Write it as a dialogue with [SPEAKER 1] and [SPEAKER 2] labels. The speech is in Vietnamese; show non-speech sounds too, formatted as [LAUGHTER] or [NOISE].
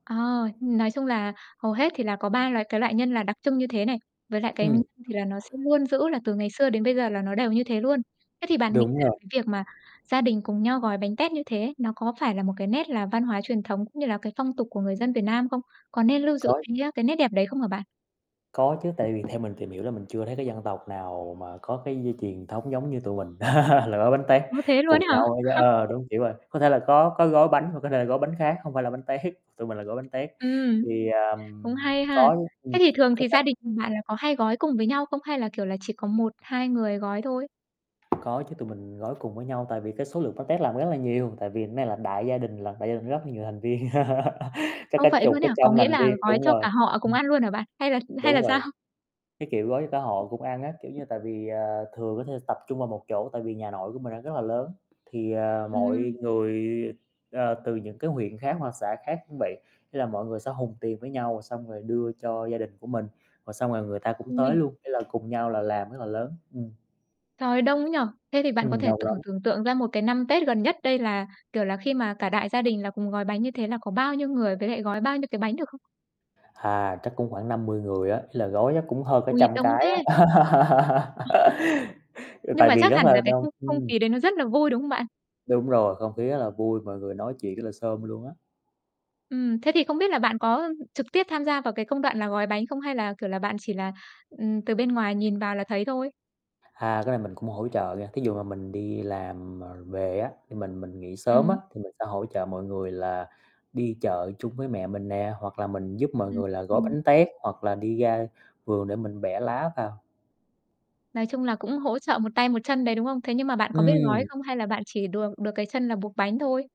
[SPEAKER 1] Ờ, nói chung là hầu hết thì là có 3 loại cái loại nhân là đặc trưng như thế này, với lại cái
[SPEAKER 2] Ừm.
[SPEAKER 1] thì là nó sẽ luôn giữ là từ ngày xưa đến bây giờ là nó đều như thế luôn. Thế thì bạn nghĩ
[SPEAKER 2] Đúng
[SPEAKER 1] là
[SPEAKER 2] rồi.
[SPEAKER 1] cái việc mà gia đình cùng nhau gói bánh tét như thế, nó có phải là một cái nét là văn hóa truyền thống cũng như là cái phong tục của người dân Việt Nam không? Có nên lưu giữ
[SPEAKER 2] Có.
[SPEAKER 1] cái, a, cái nét đẹp đấy không hả bạn?
[SPEAKER 2] Có chứ, tại vì theo mình tìm hiểu là mình chưa thấy cái dân tộc nào mà có cái dây truyền thống giống như tụi mình [LAUGHS] là gói bánh tét
[SPEAKER 1] Ơ, thế luôn
[SPEAKER 2] cùng
[SPEAKER 1] ấy hả?
[SPEAKER 2] nhau á chớ
[SPEAKER 1] [CHUCKLES]
[SPEAKER 2] ờ, đúng kiểu rồi, có thể là có có gói bánh, hoặc có thể là gói bánh khác, hông phải là bánh tét, tụi mình là gói bánh tét.
[SPEAKER 1] Ừm.
[SPEAKER 2] Thì,
[SPEAKER 1] Cũng
[SPEAKER 2] ờm,
[SPEAKER 1] hay ha.
[SPEAKER 2] có chứ ừm,
[SPEAKER 1] Thế thì thường
[SPEAKER 2] có
[SPEAKER 1] thì
[SPEAKER 2] cách,
[SPEAKER 1] gia đình
[SPEAKER 2] ừm.
[SPEAKER 1] bạn là có hay gói cùng với nhau không? Hay là, kiểu là, chỉ có 1-2 người gói thôi?
[SPEAKER 2] Có chứ tụi mình gói cùng với nhau, tại vì cái số lượng bánh tét làm rất là nhiều, tại vì này là đại gia đình lận, đại gia đình rất là nhiều thành viên. [LAUGHS] Chắc
[SPEAKER 1] Ô,
[SPEAKER 2] cả
[SPEAKER 1] vậy
[SPEAKER 2] chục,
[SPEAKER 1] luôn
[SPEAKER 2] cả
[SPEAKER 1] ấy hả? Có
[SPEAKER 2] trăm
[SPEAKER 1] nghĩa
[SPEAKER 2] lành
[SPEAKER 1] là
[SPEAKER 2] viên
[SPEAKER 1] gói
[SPEAKER 2] đúng
[SPEAKER 1] cho
[SPEAKER 2] rồi.
[SPEAKER 1] cả họ cùng
[SPEAKER 2] Ừm.
[SPEAKER 1] ăn luôn hả bạn? Hay là hay là
[SPEAKER 2] Đúng
[SPEAKER 1] sao?
[SPEAKER 2] rồi. Cái kiểu gói cho cả họ cũng ăn á, kiểu như, tại vì, ờ, thường có thể tập trung vào một chỗ, tại vì nhà nội của mình á, rất là lớn, thì, ờ, mọi
[SPEAKER 1] Ừm.
[SPEAKER 2] người, ờ, từ những cái huyện khác hoặc xã khác cũng vậy, ý là mọi người sẽ hùn tiền với nhau xong rồi đưa cho gia đình của mình, rồi xong rồi người ta cũng tới
[SPEAKER 1] Ôi!
[SPEAKER 2] luôn, ý là cùng nhau là làm rất là lớn, ừm.
[SPEAKER 1] Trời đông ấy nhỉ. Thế thì bạn có
[SPEAKER 2] Ừm,
[SPEAKER 1] thể t
[SPEAKER 2] đông lắm.
[SPEAKER 1] thử tưởng tượng ra một cái năm Tết gần nhất đây là, kiểu là, khi mà cả đại gia đình là cùng gói bánh như thế là có bao nhiêu người, với lại gói bao nhiêu cái bánh được không?
[SPEAKER 2] Thà, chắc cũng khoảng 50 người á, ý là gói chắc cũng hơn cả
[SPEAKER 1] Ui,
[SPEAKER 2] trăm
[SPEAKER 1] đông
[SPEAKER 2] cái
[SPEAKER 1] thế!
[SPEAKER 2] á. [LAUGHS] Ừ,
[SPEAKER 1] Nhưng
[SPEAKER 2] tại
[SPEAKER 1] mà
[SPEAKER 2] vì
[SPEAKER 1] chắc
[SPEAKER 2] rất
[SPEAKER 1] hẳn
[SPEAKER 2] là
[SPEAKER 1] là cái
[SPEAKER 2] đông,
[SPEAKER 1] không không
[SPEAKER 2] ừm.
[SPEAKER 1] khí đấy nó rất là vui, đúng không bạn?
[SPEAKER 2] Đúng rồi. Không khí rất là vui, mọi người nói chuyện rất là xôm luôn á.
[SPEAKER 1] Ừm. Thế thì không biết là bạn có trực tiếp tham gia vào cái công đoạn là gói bánh không? Hay là, kiểu là, bạn chỉ là, ừm, từ bên ngoài nhìn vào là thấy thôi?
[SPEAKER 2] A, cái này mình cũng hỗ trợ nghe, thí dụ mà mình đi làm, ờ, về á, khi mình mình nghỉ sớm á,
[SPEAKER 1] Ừm.
[SPEAKER 2] thì mình sẽ hỗ trợ mọi người là đi chợ chung với mẹ mình nè, hoặc là mình giúp mọi
[SPEAKER 1] Ừm,
[SPEAKER 2] người là gói
[SPEAKER 1] ừm.
[SPEAKER 2] bánh tét, hoặc là đi ra vườn để mình bẻ lá vào.
[SPEAKER 1] Nói chung là cũng hỗ trợ một tay một chân đấy, đúng không? Thế nhưng mà bạn có biết gói
[SPEAKER 2] Ừm.
[SPEAKER 1] không? Hay là bạn chỉ được được cái chân là buộc bánh thôi?